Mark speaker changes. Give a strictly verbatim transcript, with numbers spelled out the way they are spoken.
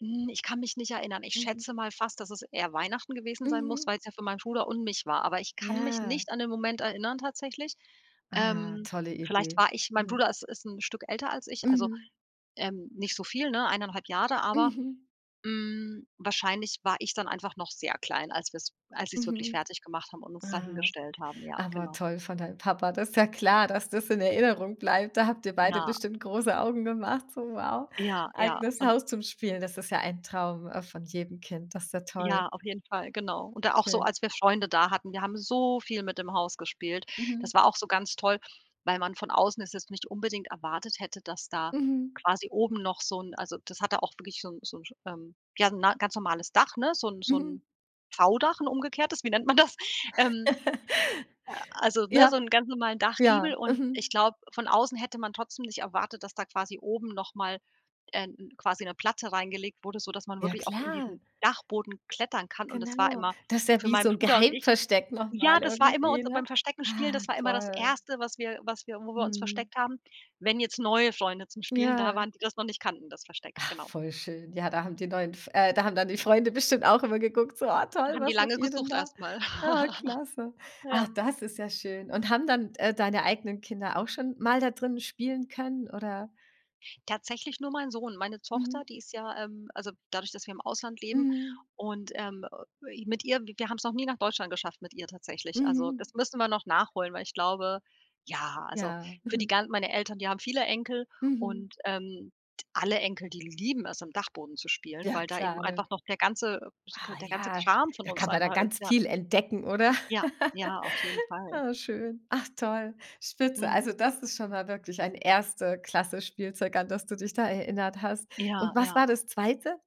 Speaker 1: Hm, ich kann mich nicht erinnern. Ich
Speaker 2: Mhm.
Speaker 1: schätze mal fast, dass es eher Weihnachten gewesen sein muss,
Speaker 2: Mhm.
Speaker 1: weil's ja für meinen Bruder und mich war. Aber ich kann mich
Speaker 2: Ja.
Speaker 1: nicht an den Moment erinnern tatsächlich.
Speaker 2: Ah,
Speaker 1: Ähm,
Speaker 2: tolle
Speaker 1: vielleicht
Speaker 2: Idee.
Speaker 1: war ich mein
Speaker 2: Mhm.
Speaker 1: Bruder ist ist 'n Stück älter als ich, also,
Speaker 2: Mhm.
Speaker 1: ähm, nicht so viel, ne, eineinhalb Jahre, aber,
Speaker 2: Mhm.
Speaker 1: hm, wahrscheinlich war ich dann einfach noch sehr klein, als wir's als sie's wirklich
Speaker 2: Mhm.
Speaker 1: fertig gemacht haben und uns dahin
Speaker 2: Ah.
Speaker 1: gestellt haben, ja,
Speaker 2: Aber
Speaker 1: genau.
Speaker 2: toll von deinem Papa. Das ist ja klar, dass das in Erinnerung bleibt. Da habt ihr beide
Speaker 1: Ja.
Speaker 2: bestimmt große Augen gemacht, so: „Wow,
Speaker 1: Ja, ja.
Speaker 2: eigenes
Speaker 1: Und
Speaker 2: Haus zum Spielen.“ das ist ja ein Traum, äh, von jedem Kind, das ist ja toll.
Speaker 1: Ja. Auf jeden Fall, genau. Und da auch so
Speaker 2: Schön.
Speaker 1: als wir Freunde da hatten, wir haben so viel mit dem Haus gespielt.
Speaker 2: Mhm.
Speaker 1: Das war auch so ganz toll, weil man von außen es jetzt nicht unbedingt erwartet hätte, dass da
Speaker 2: Mhm.
Speaker 1: quasi oben noch so 'n also, das hatte auch wirklich so 'n so 'n, ähm, ja, ne 'n ganz normales Dach, ne, so 'n so
Speaker 2: Mhm.
Speaker 1: 'n V-Dach, 'n umgekehrtes, wie nennt man das? Ähm. A also, ne,
Speaker 2: Ja.
Speaker 1: so 'n ganz normalen Dachgiebel
Speaker 2: Ja.
Speaker 1: und ich
Speaker 2: Mhm.
Speaker 1: glaube, von außen hätte man trotzdem nicht erwartet, dass da quasi oben noch mal, äh, 'n quasi 'ne Platte reingelegt wurde, sodass man
Speaker 2: Ja,
Speaker 1: wirklich auch in
Speaker 2: klar.
Speaker 1: diesen Dachboden klettern kann und das war
Speaker 2: Genau.
Speaker 1: immer
Speaker 2: Das ist ja
Speaker 1: für
Speaker 2: wie
Speaker 1: meinen
Speaker 2: so 'n
Speaker 1: Bruder und ich
Speaker 2: Geheimversteck noch
Speaker 1: ja,
Speaker 2: mal
Speaker 1: das war immer uns
Speaker 2: irgendwie, ne?
Speaker 1: beim Versteckenspielen,
Speaker 2: Ah,
Speaker 1: das war immer das
Speaker 2: toll.
Speaker 1: Erste, was wir was wir wo wir uns
Speaker 2: Mhm.
Speaker 1: versteckt haben, wenn jetzt neue Freunde zum Spielen da
Speaker 2: Ja.
Speaker 1: waren, die das noch nicht kannten, das Versteck,
Speaker 2: Ah,
Speaker 1: genau.
Speaker 2: voll schön. Ja, da haben die neuen F äh, da haben dann die Freunde bestimmt auch immer geguckt, so: „Ah
Speaker 1: Da
Speaker 2: toll,
Speaker 1: haben die
Speaker 2: was macht
Speaker 1: lange
Speaker 2: ihr denn
Speaker 1: gesucht
Speaker 2: da?“
Speaker 1: erst mal.
Speaker 2: Ah, klasse.
Speaker 1: Ja.
Speaker 2: Ach, das ist ja schön. Und haben dann d äh, deine eigenen Kinder auch schon mal da drin spielen können, oder
Speaker 1: Tatsächlich nur mein Sohn. Meine Tochter,
Speaker 2: Mhm.
Speaker 1: die ist ja ähm, also dadurch, dass wir im Ausland leben
Speaker 2: Mhm.
Speaker 1: und, ähm, äh, i mit ihr wir haben's noch nie nach Deutschland geschafft mit ihr tatsächlich. Also,
Speaker 2: Mhm.
Speaker 1: das müssen wir noch nachholen, weil ich glaube ja, also,
Speaker 2: Ja,
Speaker 1: für die
Speaker 2: mhm.
Speaker 1: gan meine Eltern, die haben viele Enkel
Speaker 2: Mhm.
Speaker 1: und, ähm, t alle Enkel, die lieben es, im Dachboden zu spielen,
Speaker 2: Ja
Speaker 1: weil da eben
Speaker 2: klar, ne?
Speaker 1: einfach noch der ganze, äh, sch g
Speaker 2: Ah.
Speaker 1: der ganze
Speaker 2: Ja,
Speaker 1: Kram von
Speaker 2: da
Speaker 1: uns
Speaker 2: kann man da
Speaker 1: einfach ist,
Speaker 2: ganz
Speaker 1: ja.
Speaker 2: viel entdecken, oder?
Speaker 1: Ja, ja, auf jeden Fall.
Speaker 2: Ah, schön. Ach toll. Spitze.
Speaker 1: Mhm.
Speaker 2: Also, das ist schon mal wirklich ein Erste-Klasse-Spielzeug, an das du dich da erinnert hast.
Speaker 1: Ja,
Speaker 2: Und was
Speaker 1: ja.
Speaker 2: war das Zweite?